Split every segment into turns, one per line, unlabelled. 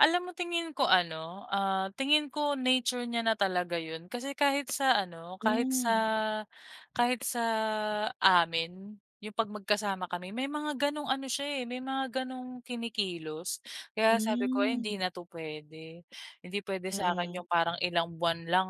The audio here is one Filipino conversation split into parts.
Alam mo, tingin ko ano, ah, tingin ko nature niya na talaga 'yon. Kasi kahit sa ano, kahit sa
Hmm.
kahit sa amin, 'yung 'pag magkasama kami may mga ganong ano siya, eh may mga ganong kinikilos. Kaya sabi ko, "Ay,
Hmm.
hindi na'to puwede." Hindi puwede sa'kin 'yung
Mm.
parang ilang buwan lang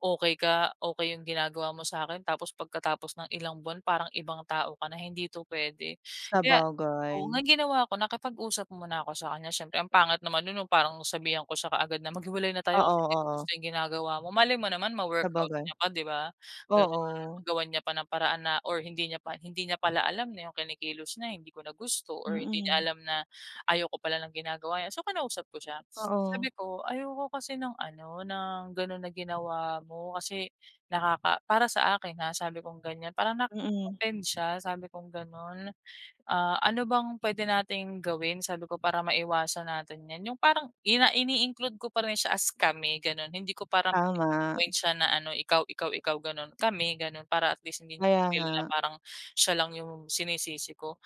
okey ka, okey 'yung ginagawa mo sa'kin. Tapos, pagkatapos ng ilang buwan parang ibang tao ka na, hindi ito puwede. Kaya, oo
Sabagay.
nga ang ginawa ko, nakipag-usap mo na ako sa kanya. Siyempre ang pangit naman no'n na parang sabihan ko siya kaagad na, "Maghiwalay na tayo kasi
Oo,
hindi ko
oo.
gusto yung ginagawa mo." Malay mo naman ma-workout
Sabagay.
niya pa, 'di ba? Gano'n
Oo.
magawan niya pa ng paraan na or hindi niya pa hindi niya pala alam na yung kinikilos niya hindi ko na gusto or hindi niya
Mm.
alam na ayoko pala ng ginagawa n'ya. So, kinausap ko siya, s sabi
Oo.
ko, "Ayoko kasi ng ano, ng ganon na ginawa mo kasi nakaka para sa akin ha," sabi kong ganyan, "Parang nakaka
Mm.
offend siya," sabi kong ganon. "Ah, ano bang puwede nating gawin?" Sabi ko. "Para maiwasan natin 'yan," 'yung parang ina ini-include ko pa rin siya as kami ganon. Hindi ko parang
Tama.
pini-pin-point siya na ano, ikaw, ikaw, ikaw, gano'n, kami gano'n. Para at least hindi niya
Kaya
ma-feel na
nga.
parang siya lang yung sinisisi ko.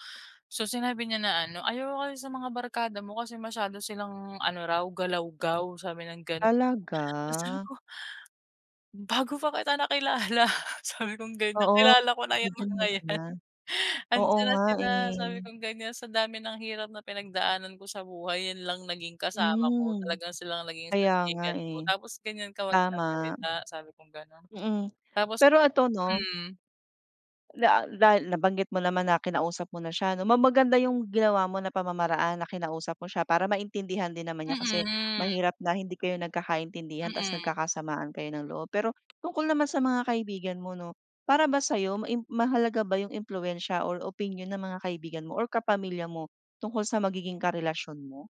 So, sinabi niya na ano, "Ayoko kasi sa mga barkada mo." Kasi masyado silang ano raw, galawgaw sabi ng gani
Talaga?
tapos sabi ko, "Bago pa kita nakilala" sabi kong ganyan,
Oo,
"Kilala ko na yang
ganyan
mga
na
yan.
sila. Oo
'Andiyan na
nga,
sila," sabi
eh.
kong ganyan. "Sa dami ng hirap na pinagdaanan ko sa buhay, 'yan lang naging kasama ko.
Hmm,
Talagang sila ang naging
kaya nga,
sandigan ko,
eh.
tapos ganyan ka
Tama.
magsasalita," sabi kong ganon,
Mm.
tapos
Pero ito 'no
hmm.
da dahil nabanggit mo naman na kinausap mo na siya 'no, ma maganda 'yung ginawa mo na pamamaraan na kinausap mo siya para maintindihan din naman niya. Kasi
Mm.
mahirap na hindi kayo nagkakaintindihan tapos,
Mm.
nagkakasamaan kayo ng loob. Pero, tungkol naman sa mga kaibigan mo 'no, para ba sayo maim mahalaga ba yung impluwensiya or opinyon ng mga kaibigan mo or kapamilya mo tungkol sa magiging karelasyon mo?